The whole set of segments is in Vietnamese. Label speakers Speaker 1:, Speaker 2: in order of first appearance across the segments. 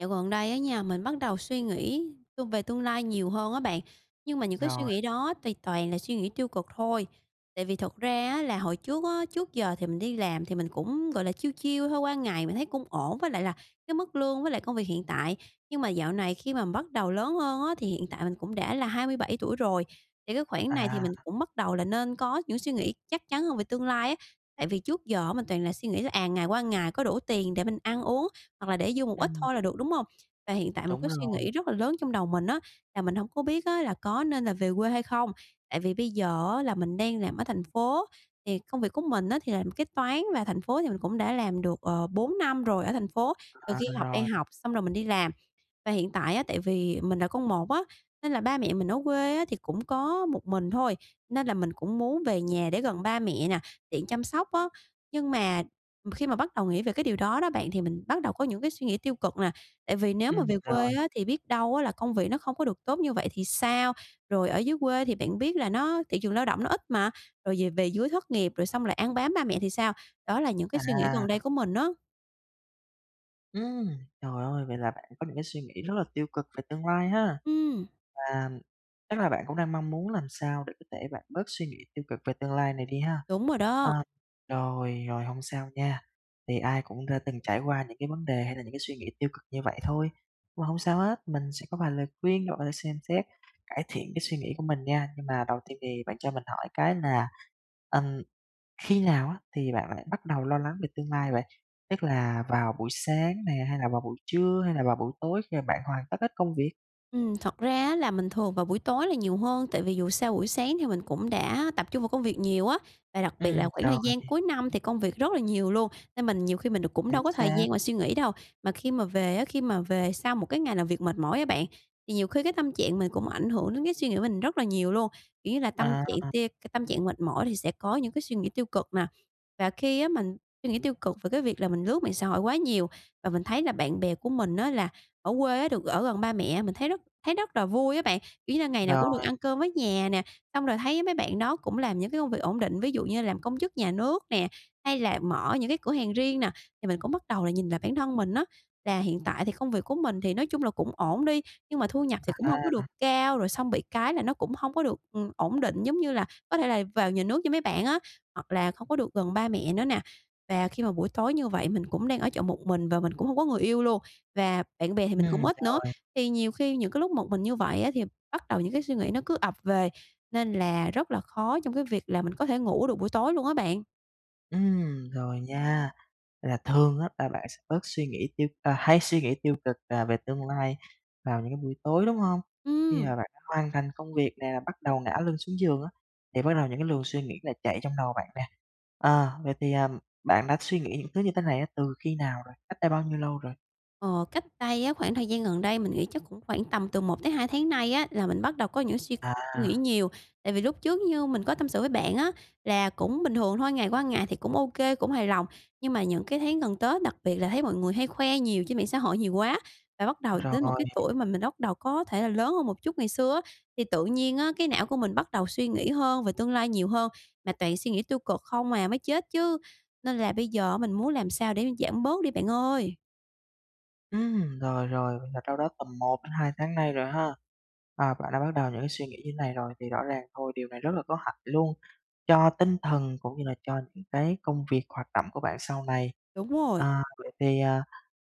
Speaker 1: Dạo gần đây á nha, mình bắt đầu suy nghĩ, ơ, về tương lai nhiều hơn á bạn, nhưng mà những cái suy
Speaker 2: Rồi.
Speaker 1: nghĩ đó thì toàn là suy nghĩ tiêu cực thôi. Tại vì thật ra á là hồi trước á, trước giờ thì mình đi làm thì mình cũng, gọi là, chill chill thôi, qua ngày mình thấy cũng ổn với lại là cái mức lương với lại công việc hiện tại. Nhưng mà dạo này khi mà bắt đầu lớn hơn á, thì hiện tại mình cũng đã là 27 tuổi rồi, thì cái khoảng này thì mình
Speaker 2: À.
Speaker 1: cũng bắt đầu là nên có những suy nghĩ chắc chắn hơn về tương lai á. Tại vì trước giờ mình toàn là suy nghĩ là, à, ngày qua ngày có đủ tiền để mình ăn uống, hoặc là để dư một ít
Speaker 2: Ừm.
Speaker 1: thôi là được, đúng hông? Và hiện tại một
Speaker 2: Đúng
Speaker 1: cái suy
Speaker 2: rồi.
Speaker 1: nghĩ rất là lớn trong đầu mình á là mình hổng có biết á là có nên là về quê hay không? Tại vì bây giờ á là mình đang làm ở thành phố thì công việc của mình á thì làm kế toán, và thành phố thì mình cũng đã làm được, ờ, 4 năm rồi ở thành phố, từ
Speaker 2: À,
Speaker 1: khi học đại
Speaker 2: rồi.
Speaker 1: học xong rồi mình đi làm. Và hiện tại á tại vì mình là con một á, nên là ba mẹ mình ở quê á thì cũng có một mình thôi, nên là mình cũng muốn về nhà để gần ba mẹ nè, tiện chăm sóc á. Nhưng mà khi mà bắt đầu nghĩ về cái điều đó đó bạn, thì mình bắt đầu có những cái suy nghĩ tiêu cực nè, tại vì nếu mà
Speaker 2: Ừm,
Speaker 1: về
Speaker 2: rồi.
Speaker 1: quê á thì biết đâu á là công việc nó không có được tốt như vậy thì sao? Rồi ở dưới quê thì bạn biết là nó thị trường lao động nó ít mà, rồi về về dưới thất nghiệp rồi xong lại ăn bám ba mẹ thì sao? Đó là những cái suy nghĩ gần
Speaker 2: À.
Speaker 1: đây của mình á.
Speaker 2: Ừm, trời ơi, vậy là bạn có những cái suy nghĩ rất là tiêu cực về tương lai ha,
Speaker 1: Ừm.
Speaker 2: và chắc là bạn cũng đang mong muốn làm sao để có thể bạn bớt suy nghĩ tiêu cực về tương lai này đi ha.
Speaker 1: Đúng rồi
Speaker 2: Ờ,
Speaker 1: đó.
Speaker 2: rồi, rồi, hông sao nha, thì ai cũng đã từng trải qua những cái vấn đề hay là những cái suy nghĩ tiêu cực như vậy thôi, mà hông sao hết, mình sẽ có vài lời khuyên bạn có thể xem xét, cải thiện cái suy nghĩ của mình nha. Nhưng mà đầu tiên thì bạn cho mình hỏi cái là, ừm, khi nào á, thì bạn lại bắt đầu lo lắng về tương lai vậy? Tức là vào buổi sáng nè, hay là vào buổi trưa, hay là vào buổi tối khi mà bạn hoàn tất hết công việc?
Speaker 1: Ừm, thật ra á, là mình thường vào buổi tối là nhiều hơn tại vì dù sao buổi sáng thì mình cũng đã tập trung vào công việc nhiều á, và đặc biệt
Speaker 2: Ừm,
Speaker 1: là khoảng
Speaker 2: rồi.
Speaker 1: thời gian cuối năm thì công việc rất là nhiều luôn nên mình nhiều khi mình được cũng đâu
Speaker 2: Chính
Speaker 1: có thời
Speaker 2: xác.
Speaker 1: gian mà suy nghĩ đâu. Mà khi mà về á, khi mà về sau một cái ngày nào việc mệt mỏi á bạn, thì nhiều khi cái tâm trạng mình cũng ảnh hưởng đến cái suy nghĩ mình rất là nhiều luôn, kiểu như là, tâm trạng
Speaker 2: À.
Speaker 1: tia c tâm trạng mệt mỏi thì sẽ có những cái suy nghĩ tiêu cực nè. Và khi á, mình suy nghĩ tiêu cực về cái việc là mình lướt mạng xã hội quá nhiều, và mình thấy là bạn bè của mình á, là ở quê á, được ở gần ba mẹ mình thấy rất thấy rất là vui á bạn. Kiểu như là, ngày nào cũng được
Speaker 2: Rồi.
Speaker 1: ăn cơm với nhà nè, xong rồi thấy mấy bạn đó cũng làm những cái công việc ổn định, ví dụ như làm công chức nhà nước nè, hay là mở những cái cửa hàng riêng nè. Thì mình cũng bắt đầu nhìn lại bản thân mình á, là hiện tại thì công việc của mình thì nói chung là cũng ổn đi, nhưng mà thu nhập thì cũng hông có
Speaker 2: À.
Speaker 1: được cao, rồi xong bị cái là nó cũng hông có được, ừm, ổn định, giống như là, có thể là vào nhà nước như mấy bạn á, hoặc là không có được gần ba mẹ nữa nè. Và khi mà buổi tối như vậy mình cũng đang ở trọ một mình, và mình cũng hông có người yêu luôn, và bạn bè thì mình cũng
Speaker 2: Ừm,
Speaker 1: ít nữa.
Speaker 2: rồi.
Speaker 1: Thì nhiều khi những cái lúc một mình như vậy á, thì bắt đầu những cái suy nghĩ nó cứ ập về, nên là rất là khó trong cái việc là mình có thể ngủ được buổi tối luôn á bạn.
Speaker 2: Ừm, rồi nha, là thường á là bạn sẽ bớt suy nghĩ tiêu à, hay suy nghĩ tiêu cực là về tương lai vào những cái buổi tối, đúng hông? Khi
Speaker 1: Ừm.
Speaker 2: mà bạn đã hoàn thành công việc nè, bắt đầu ngả lưng xuống giường á, thì bắt đầu những cái luồng suy nghĩ lại chạy trong đầu bạn nè. Ờ, vậy thì, ờm, bạn đã suy nghĩ những thứ như thế này á, từ khi nào rồi, cách đây bao nhiêu lâu rồi?
Speaker 1: Ờ, cách đây á khoảng thời gian gần đây, mình nghĩ chắc cũng khoảng tầm từ 1 tới 2 tháng nay á là mình bắt đầu có những suy nghĩ
Speaker 2: À.
Speaker 1: nhiều. Tại vì lúc trước, như mình có tâm sự với bạn á là cũng bình thường thôi, ngày qua ngày thì cũng ô kê, cũng hài lòng. Nhưng mà những cái tháng gần Tết, đặc biệt là thấy mọi người hay khoe nhiều trên mạng xã hội nhiều quá, và bắt đầu đến một
Speaker 2: Rồi.
Speaker 1: cái tuổi mà mình bắt đầu có thể là lớn hơn một chút ngày xưa á, thì tự nhiên á cái não của mình bắt đầu suy nghĩ hơn về tương lai nhiều hơn, mà toàn suy nghĩ tiêu cực không à, mới chết chứ, nên là bây giờ mình muốn làm sao để giảm bớt đi bạn ơi.
Speaker 2: Ừm, rồi, rồi, là đâu đó tầm 1 đến 2 tháng nay rồi ha. Ờ, bạn đã bắt đầu những suy nghĩ như này rồi thì rõ ràng thôi, điều này rất là có hại luôn, cho tinh thần cũng như là cho những cái công việc, hoạt động của bạn sau này.
Speaker 1: Đúng rồi.
Speaker 2: À, vậy thì, ờ,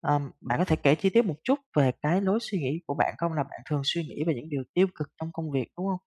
Speaker 2: ờm, bạn có thể kể chi tiết một chút về cái lối suy nghĩ của bạn không? Là bạn thường suy nghĩ về những điều tiêu cực trong công việc, đúng hông?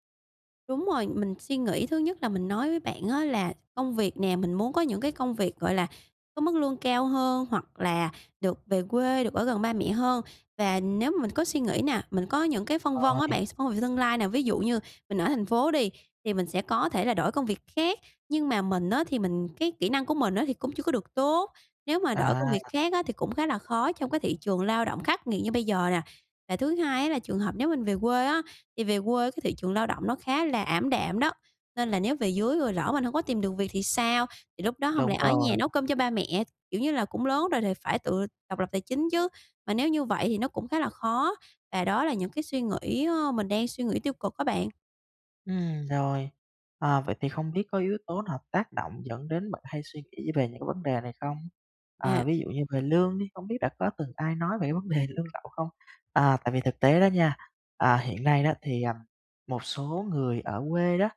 Speaker 1: Đúng rồi, mình suy nghĩ thứ nhất là mình nói với bạn á, là công việc nè, mình muốn có những cái công việc, gọi là, có mức lương cao hơn hoặc là được về quê, được ở gần ba mẹ hơn. Và nếu mình có suy nghĩ nè, mình có những cái phân vân á
Speaker 2: Ôi.
Speaker 1: bạn, s [unintelligible] tương lai nè, ví dụ như mình ở thành phố đi, thì mình sẽ có thể là đổi công việc khác. Nhưng mà mình á, thì mình cái kỹ năng của mình á, thì cũng chưa có được tốt, nếu mà đổi công
Speaker 2: À.
Speaker 1: việc khác á, thì cũng khá là khó trong cái thị trường lao động khắc nghiệt như bây giờ nè. Và thứ hai á, là trường hợp nếu mình về quê á, thì về quê cái thị trường lao động nó khá là ảm đạm đó, nên là nếu về dưới rồi lỡ mình hổng có tìm được việc thì sao? Thì lúc đó hông
Speaker 2: Đúng
Speaker 1: lẽ ở nhà
Speaker 2: rồi.
Speaker 1: nấu cơm cho ba mẹ? Kiểu như là, cũng lớn rồi thì phải tự độc lập tài chính chứ, mà nếu như vậy thì nó cũng khá là khó. Và đó là những cái suy nghĩ, ơ, mình đang suy nghĩ tiêu cực á bạn.
Speaker 2: Ừm, rồi, ờ, vậy thì không biết có yếu tố nào tác động dẫn đến bạn hay suy nghĩ về những cái vấn đề này không? À,
Speaker 1: À.
Speaker 2: ví dụ như về lương đi, hông biết đã có từng ai nói về cái vấn đề lương lậu không? À, tại vì thực tế đó nha, à, hiện nay đó thì, ừm, một số người ở quê đó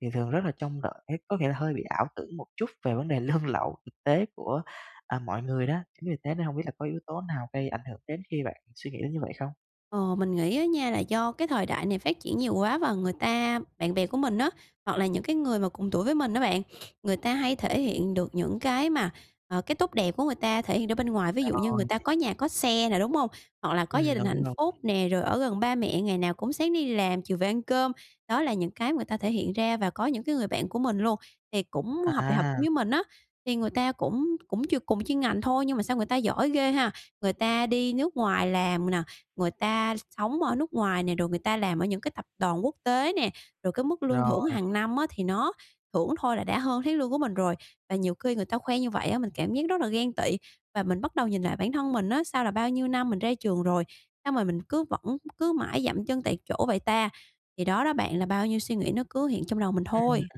Speaker 2: thì thường rất là trông đợi cái có nghĩa là hơi bị ảo tưởng một chút về vấn đề lương lậu thực tế của, à, mọi người đó. Chính vì thế nên hông biết là có yếu tố nào gây ảnh hưởng đến khi bạn suy nghĩ đến như vậy không?
Speaker 1: Ờ, mình nghĩ á nha là do cái thời đại này phát triển nhiều quá và người ta bạn bè của mình á, hoặc là những cái người mà cùng tuổi với mình á bạn, người ta hay thể hiện được những cái mà, ờ, cái tốt đẹp của người ta thể hiện ra bên ngoài, ví dụ như người
Speaker 2: Rồi.
Speaker 1: ta có nhà có xe nè, đúng hông? Hoặc là có gia
Speaker 2: Ừm,
Speaker 1: đình
Speaker 2: đúng,
Speaker 1: hạnh
Speaker 2: đúng.
Speaker 1: phúc nè, rồi ở gần ba mẹ ngày nào cũng sáng đi làm, chiều về ăn cơm, đó là những cái người ta thể hiện ra. Và có những cái người bạn của mình luôn, thì cũng học đại học chung
Speaker 2: À.
Speaker 1: với mình á, thì người ta cũng cũng ch cùng ngành thôi nhưng mà sao người ta giỏi ghê ha. Người ta đi nước ngoài làm nè, người ta sống ở nước ngoài nè, rồi người ta làm ở những cái tập đoàn quốc tế nè, rồi cái mức lương thưởng
Speaker 2: Rồi.
Speaker 1: hàng năm á thì nó thưởng thôi là đã hơn tháng lương của mình rồi. Và nhiều khi người ta khoe như vậy á mình cảm giác rất là ghen tị và mình bắt đầu nhìn lại bản thân mình á, sao là bao nhiêu năm mình ra trường rồi, sao mà mình cứ vẫn cứ mãi giậm chân tại chỗ vậy ta? Thì đó đó bạn là bao nhiêu suy nghĩ nó cứ hiện trong đầu mình
Speaker 2: Ừm.
Speaker 1: thôi.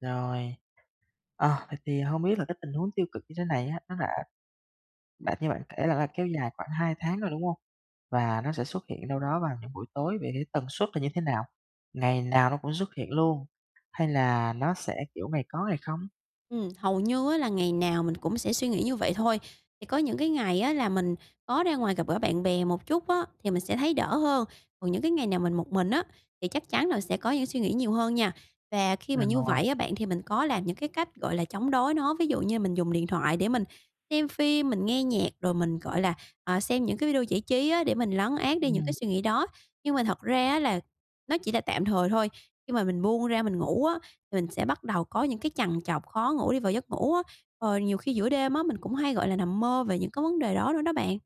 Speaker 2: Rồi, ờ, vậy thì hông biết là cái tình huống tiêu cực như thế này á, nó đã đã như bạn kể là là kéo dài khoảng 2 tháng rồi, đúng hông? Và nó sẽ xuất hiện đâu đó vào những buổi tối vậy thì tần suất là như thế nào? Ngày nào nó cũng xuất hiện luôn hay là nó sẽ, kiểu, ngày có ngày không?
Speaker 1: Ừm, hầu như á, là ngày nào mình cũng sẽ suy nghĩ như vậy thôi. Thì có những cái ngày á, là mình có ra ngoài gặp gỡ bạn bè một chút á, thì mình sẽ thấy đỡ hơn. Còn những cái ngày nào mình một mình á, thì chắc chắn là sẽ có những suy nghĩ nhiều hơn nha. Và khi
Speaker 2: À,
Speaker 1: mà như
Speaker 2: rồi.
Speaker 1: vậy á, bạn, thì mình có làm những cái cách, gọi là, chống đối nó. Ví dụ như là mình dùng điện thoại để mình xem phim, mình nghe nhạc, rồi mình, gọi là, à, xem những cái video giải trí á, để mình lấn át đi những cái
Speaker 2: Ừm.
Speaker 1: suy nghĩ đó. Nhưng mà thật ra á là nó chỉ là tạm thời thôi, khi mà mình buông ra mình ngủ á, thì mình sẽ bắt đầu có những cái trằn trọc, khó ngủ đi vào giấc ngủ á. Ờ, nhiều khi giữa đêm á, mình cũng hay, gọi là, nằm mơ về những cái vấn đề đó nữa đó bạn.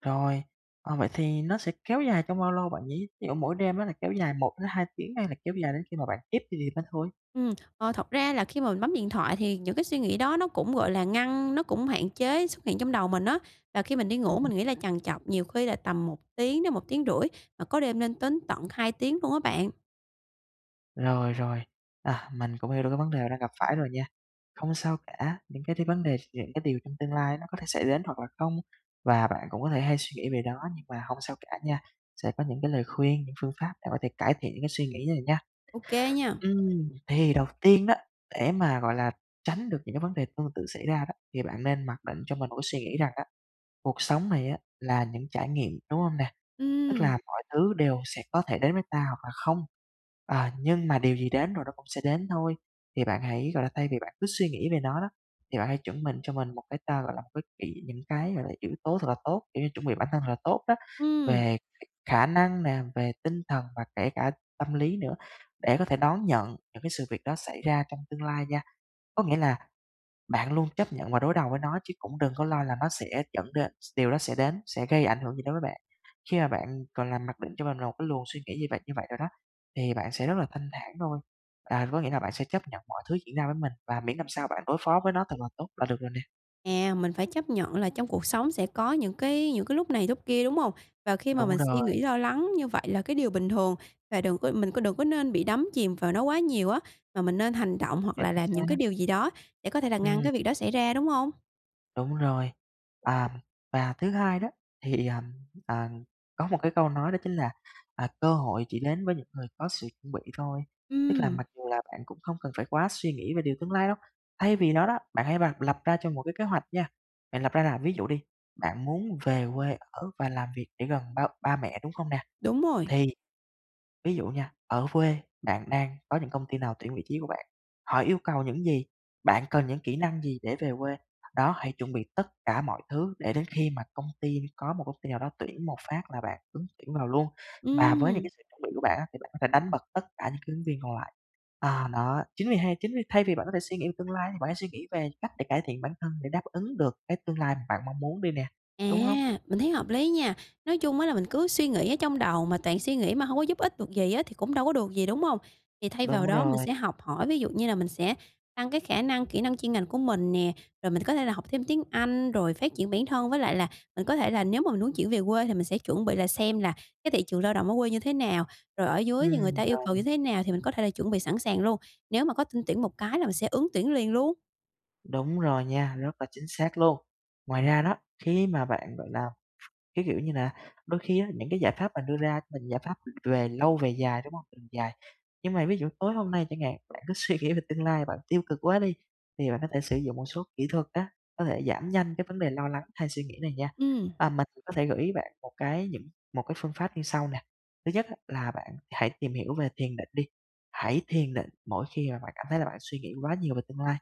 Speaker 2: Rồi, ờ, vậy thì nó sẽ kéo dài trong bao lâu, bạn nhỉ? Thí dụ mỗi đêm á là kéo dài 1 tới 2 tiếng, hay là kéo dài đến khi mà bạn thiếp đi thì mới thôi?
Speaker 1: Ừm, ờ, thật ra là khi mà mình bấm điện thoại thì những cái suy nghĩ đó nó cũng, gọi là, ngăn nó cũng hạn chế xuất hiện trong đầu mình á. Và khi mình đi ngủ,
Speaker 2: Ừm.
Speaker 1: mình nghĩ là trằn trọc nhiều khi là tầm 1 tiếng đến 1,5 tiếng, mà có đêm nên đến tận 2 tiếng luôn á bạn.
Speaker 2: Rồi, rồi, à, mình cũng hiểu được cái vấn đề đang gặp phải rồi nha. Hông sao cả, những cái thi vấn đề những cái điều trong tương lai nó có thể xảy đến hoặc là không, và bạn cũng có thể hay suy nghĩ về đó, nhưng mà hông sao cả nha, sẽ có những cái lời khuyên, những phương pháp để có thể cải thiện những cái suy nghĩ này nha.
Speaker 1: OK nha.
Speaker 2: Ừm, thì đầu tiên đó, để mà, gọi là, tránh được những cái vấn đề tương tự xảy ra đó, thì bạn nên mặc định cho mình một cái suy nghĩ rằng á, cuộc sống này á, là những trải nghiệm, đúng hông nè? Tức là
Speaker 1: Ừm.
Speaker 2: mọi thứ đều sẽ có thể đến với ta hoặc là không, à, nhưng mà điều gì đến rồi nó cũng sẽ đến thôi. Thì bạn hãy, gọi là, thay vì bạn cứ suy nghĩ về nó đó, thì bạn hãy chuẩn mình cho mình một cái ta, gọi là, một cái kỹ những cái, gọi là, yếu tố thật là tốt, kiểu như chuẩn bị bản thân thật là tốt đó.
Speaker 1: Ừm.
Speaker 2: Về khả năng nè, về tinh thần và kể cả tâm lý nữa, để có thể đón nhận những cái sự việc đó xảy ra trong tương lai nha. Có nghĩa là bạn luôn chấp nhận và đối đầu với nó, chứ cũng đừng có lo là nó sẽ dẫn đến s điều đó sẽ đến, sẽ gây ảnh hưởng gì đối với bạn. Khi mà bạn còn làm mặc định cho mình là một cái luồng suy nghĩ như vậy, như vậy rồi đó, thì bạn sẽ rất là thanh thản thôi. À, thì có nghĩa là bạn sẽ chấp nhận mọi thứ diễn ra với mình, và miễn làm sao bạn đối phó với nó thật là tốt là được rồi nè.
Speaker 1: À, mình phải chấp nhận là trong cuộc sống sẽ có những cái những cái lúc này lúc kia, đúng hông? Và khi mà
Speaker 2: Đúng
Speaker 1: mình suy
Speaker 2: rồi.
Speaker 1: nghĩ, lo lắng như vậy là cái điều bình thường và đừng có mình có đừng có nên bị đắm chìm vào nó quá nhiều á, mà mình nên hành động hoặc
Speaker 2: Chính
Speaker 1: là làm những
Speaker 2: xác.
Speaker 1: cái điều gì đó để có thể là ngăn
Speaker 2: Ừm.
Speaker 1: cái việc đó xảy ra, đúng hông?
Speaker 2: Đúng rồi, à, và thứ hai đó, thì, à, à, có một cái câu nói đó chính là, à, cơ hội chỉ đến với những người có sự chuẩn bị thôi, tức là
Speaker 1: Ừm.
Speaker 2: mặc dù là bạn cũng hông cần phải quá suy nghĩ về điều tương lai đâu, thay vì đó đó, bạn hãy [unintelligible] lập ra cho một cái kế hoạch nha. Bạn lập ra là ví dụ đi, bạn muốn về quê ở và làm việc để gần ba ba mẹ, đúng không nè?
Speaker 1: Đúng rồi.
Speaker 2: Thì ví dụ nha, ở quê bạn đang có những công ty nào tuyển vị trí của bạn, họ yêu cầu những gì, bạn cần những kỹ năng gì để về quê? Đó, hãy chuẩn bị tất cả mọi thứ để đến khi mà công ty có một công ty nào đó tuyển một phát là bạn ứng tuyển vào luôn, và với những cái
Speaker 1: Ừm.
Speaker 2: sự chuẩn bị của bạn á thì bạn có thể đánh bật tất cả những cái ứng viên còn lại. À đó, chính vì hay chính vì thay vì bạn có thể suy nghĩ về tương lai thì bạn hãy suy nghĩ về cách để cải thiện bản thân, để đáp ứng được cái tương lai bạn mong muốn đi nè, đúng hông?
Speaker 1: À! Mình thấy hợp lý nha, nói chung á là mình cứ suy nghĩ ở trong đầu mà toàn suy nghĩ mà hông có giúp ích được gì á thì cũng đâu có được gì, đúng hông? Thì thay vào
Speaker 2: Đúng
Speaker 1: đó mình
Speaker 2: rồi.
Speaker 1: sẽ học hỏi, ví dụ như là mình sẽ tăng cái khả năng kỹ năng chuyên ngành của mình nè, rồi mình có thể là học thêm tiếng Anh rồi phát triển bản thân. Với lại là mình có thể là nếu mà mình muốn chuyển về quê, thì mình sẽ chuẩn bị là xem là cái thị trường lao động ở quê như thế nào, rồi ở dưới thì người
Speaker 2: Ừm,
Speaker 1: ta yêu cầu như
Speaker 2: [unintelligible]
Speaker 1: thế nào thì mình có thể là chuẩn bị sẵn sàng luôn. Nếu mà có tin tuyển một cái là mình sẽ ứng tuyển liền luôn.
Speaker 2: Đúng rồi nha, rất là chính xác luôn. Ngoài ra đó, khi mà bạn, gọi là, cái kiểu như là, đôi khi á những cái giải pháp mà đưa ra mình giải pháp, ừm, về lâu về dài, đúng hông? Mình dài. Nhưng mà ví dụ tối hôm nay chẳng hạn, bạn cứ suy nghĩ về tương lai, bạn tiêu cực quá đi, thì bạn có thể sử dụng một số kỹ thuật á, có thể giảm nhanh cái vấn đề lo lắng hay suy nghĩ này nha,
Speaker 1: Ừm.
Speaker 2: và mình có thể gửi ý bạn một cái những một cái phương pháp như sau nè. Thứ nhất á, là bạn hãy tìm hiểu về thiền định đi, hãy thiền định mỗi khi mà bạn cảm thấy là bạn suy nghĩ quá nhiều về tương lai,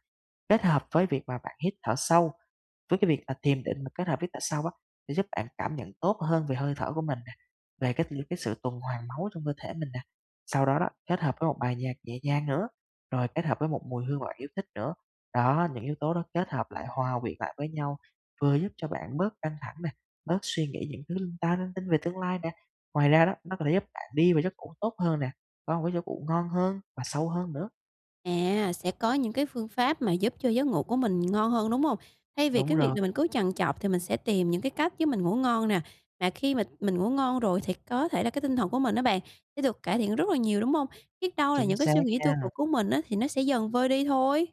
Speaker 2: kết hợp với việc mà bạn hít thở sâu. Với cái việc là thiền định mà kết hợp hít thở sâu á, sẽ giúp bạn cảm nhận tốt hơn về hơi thở của mình nè, về cái t cái sự tuần hoàn máu trong cơ thể mình nè, sau đó đó, kết hợp với một bài nhạc nhẹ nhàng nữa, rồi kết hợp với một mùi hương mà bạn yêu thích nữa. Đó, những yếu tố đó kết hợp lại hòa quyện lại với nhau, vừa giúp cho bạn bớt căng thẳng nè, bớt suy nghĩ những thứ linh ta linh tinh về tương lai nè. Ngoài ra đó, nó có thể giúp bạn đi vào giấc ngủ tốt hơn nè, có một cái giấc ngủ ngon hơn và sâu hơn nữa.
Speaker 1: À, sẽ có những cái phương pháp mà giúp cho giấc ngủ của mình ngon hơn, đúng hông? Thay vì
Speaker 2: Đúng
Speaker 1: cái việc
Speaker 2: rồi.
Speaker 1: là mình cứ trằn trọc thì mình sẽ tìm những cái cách giúp mình ngủ ngon nè, mà khi mà mình ngủ ngon rồi thì có thể là cái tinh thần của mình á bạn, sẽ được cải thiện rất là nhiều, đúng hông? Biết đâu là
Speaker 2: Chính
Speaker 1: những cái
Speaker 2: xác
Speaker 1: suy nghĩ tiêu
Speaker 2: nha.
Speaker 1: cực của mình á, thì nó sẽ dần vơi đi thôi.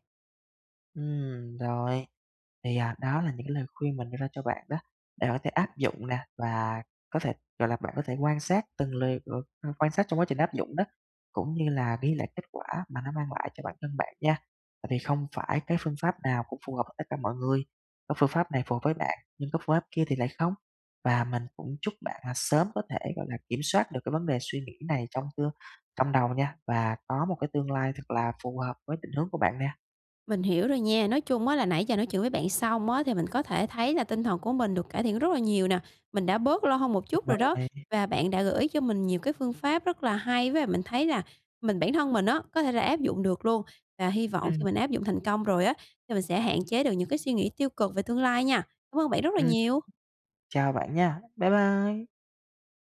Speaker 2: Ừm, rồi, thì, à, đó là những cái lời khuyên mình đưa ra cho bạn đó, để hỏi thể áp dụng nè, và có thể, gọi là, bạn có thể quan sát từng lời, ờ, a, quan sát trong quá trình áp dụng đó, cũng như là ghi lại kết quả mà nó mang lại cho bản thân bạn nha. Tại vì không phải cái phương pháp nào cũng phù hợp với tất cả mọi người, có phương pháp này phù hợp với bạn, nhưng có phương pháp kia thì lại không. Và mình cũng chúc bạn là sớm có thể, gọi là, kiểm soát được cái vấn đề suy nghĩ này trong tương trong đầu nha, và có một cái tương lai thật là phù hợp với định hướng của bạn nè.
Speaker 1: Mình hiểu rồi nha, nói chung á là nãy giờ nói chuyện với bạn xong á, thì mình có thể thấy là tinh thần của mình được cải thiện rất là nhiều nè, mình đã bớt lo hơn một
Speaker 2: Ừm,
Speaker 1: chút rồi
Speaker 2: rồi
Speaker 1: đó
Speaker 2: bạn nè.
Speaker 1: và bạn đã gửi cho mình nhiều cái phương pháp rất là hay. Với lại mình thấy là mình bản thân mình á, có thể là áp dụng được luôn, và hy vọng
Speaker 2: Ừm.
Speaker 1: khi mình áp dụng thành công rồi á, thì mình sẽ hạn chế được những cái suy nghĩ tiêu cực về tương lai nha. Cảm ơn bạn rất là
Speaker 2: Ừm.
Speaker 1: nhiều.
Speaker 2: Chào bạn nha. Bye bye.